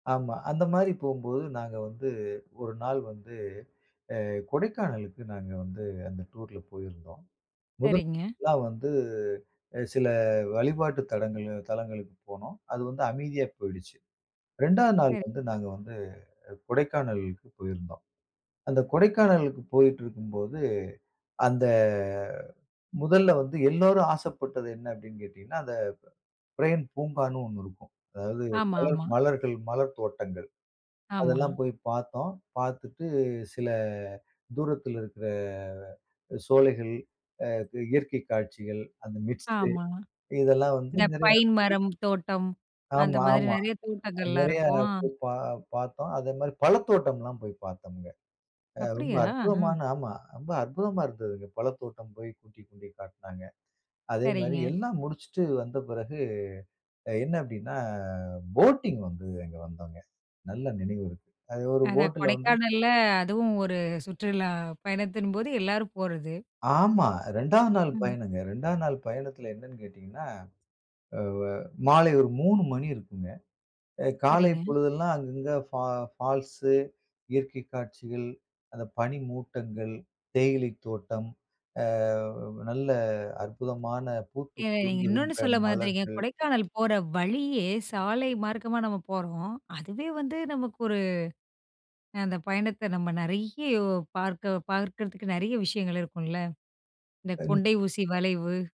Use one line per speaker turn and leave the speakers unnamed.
ஆமா, அந்த மாரி போம்போது நாங்க வந்து ஒரு நாள் வந்து, அ கொடைக்கானலுக்கு நாங்க வந்து அந்த டூர்ல போயிருந்தோம். முதல்
சரிங்க.
நாள்லாம் வந்து சில வழிபாட்டு தலங்கள் தலங்களுக்கு போனோம். அது வந்து அமைதியா போயிடுச்சு. 2ஆவது நாள்
சரி.
வந்து நாங்க வந்து கொடைக்கானலுக்கு போயிருந்தோம். அந்த கொடைக்கானலுக்கு போயிட்டு இருக்கும்போது அந்த முதல்ல வந்து எல்லோரும் ஆசைப்பட்டது என்ன அப்டின்னு கேட்டீங்கன்னா அந்த பிரெயின் பூங்கான்னு ஒண்ணு இருக்கும். அதாது
ஆமா, ஆமா.
மலங்க மலர் தோட்டங்கள்
ஆமா.
அதெல்லாம் போய் பார்த்தோம். பார்த்துட்டு சில தூரததுல இருக்கிற சோலைகள், இயற்கை காட்சிகள், அந்த மிஸ்ட்
ஆமாங்.
இதெல்லாம் வந்து
இந்த
நிறைய
பைன் மரம், தோட்டம் அந்த
ஆமா,
மாரி
ஆமா.
நெறைய தோட்டங்கள்லாம்
நெறையா
இருக்கும். அ.
பா பார்த்தோம். அதே மாரி பழத்தோட்டம்லாம் போய் பார்த்தோம்ங்க. ரொம்ப
அப்டியா? அ.
அற்புதமான ஆமா. ரொம்ப அற்புதமா இருந்துதுங்க. பழத்தோட்டம் போய் கூட்டிக் கொண்டுபோய் காட்னாங்க. அதே மாரி
சரிங்க.
எல்லாம் முடிச்சுட்டு வந்த பிறகு அ என்ன அப்டின்னா, போட்டிங் வந்தது அங்க வந்தோங்க. நல்ல நினைவு இருக்கு. அது ஒரு
அதான்
போட்டில வந்து
கொடைக்கானல்ல அதுவும் ஒரு சுற்றுலா பயணத்தின்போது, எல்லாரும் போறது.
ஆமா, 2ஆவது நாள்
ம்.
பயணங்க. 2ஆவது நாள் பயணத்தில என்னன்னு கேட்டீங்கன்னா வ்வ மாலை ஒரு 3 மணி இருக்குங்க அ. காலை
சரிங்க.
பொழுதெல்லாம் அங்க அங்க ஃபா ஃபால்ஸ். இயற்கை காட்சிகள், அந்த பனி மூட்டங்கள், தேயிலை தோட்டம். அ நல்ல அற்புதமான பூத்து
ஏ. நீங்க இன்னொன்னு
குலுங்குகின்ற
சொல்ல மறந்துட்டீங்க.
மலர்கள்.
கொடைக்கானல் போற வழியே சால மார்க்கமா நம்ம போறோம். அதுவே வந்து நமக்கு ஒரு அ அந்த பயணத்தை நம்ம நறைய பார்க்க பார்க்கிறதுக்கு, நறைய விஷயங்கள் இருக்குல்ல. இந்த
அ
கொண்டை ஊசி
[unintelligible]
வளைவு!